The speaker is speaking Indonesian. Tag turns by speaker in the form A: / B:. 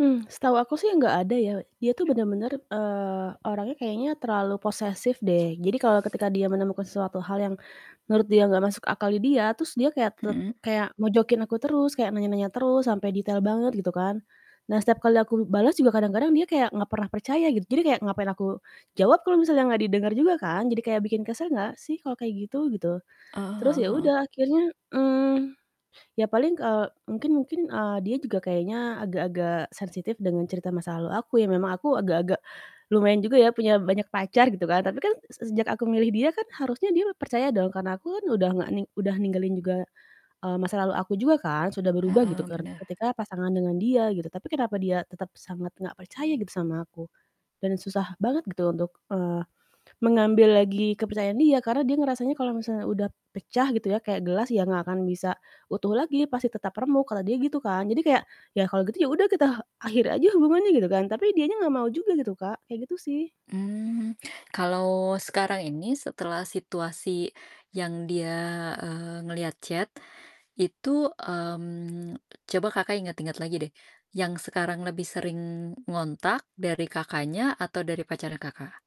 A: Mmm, setahu aku sih nggak ada ya. Dia tuh bener-bener, eee, orangnya kayaknya terlalu posesif deh. Jadi, kalau ketika dia menemukan suatu hal yang menurut dia nggak masuk akal di dia, terus dia kayak tet
B: Mhm.
A: kayak mojokin aku terus, kayak nanya-nanya terus sampai detail banget, gitu kan. Nah, setiap kali aku bales juga kadang-kadang dia kayak nggak pernah percaya gitu, jadi kayak ngapain aku jawab kalau misalnya nggak didenger juga kan, jadi kayak bikin kesel nggak sih kalau kayak gitu? Gitu.
B: Oh,
A: Terus
B: heeh heeh.
A: yaudah akhirnya, mmm, ya paling, kal eee, mungkin mungkin, eee, dia juga kayaknya agak-agak sensitif dengan cerita masa lalu aku ya, memang aku agak-agak lumayan juga ya, punya banyak pacar gitu kan. Tapi kan se sejak aku milih dia kan harusnya dia percaya dong, karena aku kan udah nggak ning udah ninggalin juga, eee, masa lalu aku juga kan sudah berubah gitu,
B: Heeh,
A: ker
B: benar.
A: ketika pasangan dengan dia, gitu, tapi kenapa dia tetap sangat nggak percaya gitu, sama aku dan susah banget gitu untuk, eee, mengambil lagi kepercayaan dia, karena dia ngerasanya, "Kalau misalnya udah pecah" gitu ya, "kayak gelas ya nggak akan bisa utuh lagi, pasti tetap remuk," kata dia gitu kan. Jadi kayak, "Yah, kalau gitu yaudah kita akhiri aja hubungannya" gitu kan, tapi dianya nggak mau juga gitu Kak, kayak gitu sih.
B: Mmm, kalau sekarang ini setelah situasi yang dia, eee, ngeliat chat. Itu, mmm, coba Kakak, ingat-ingat lagi deh yang sekarang lebih sering ngontak dari Kakaknya, atau dari pacarnya, Kakak?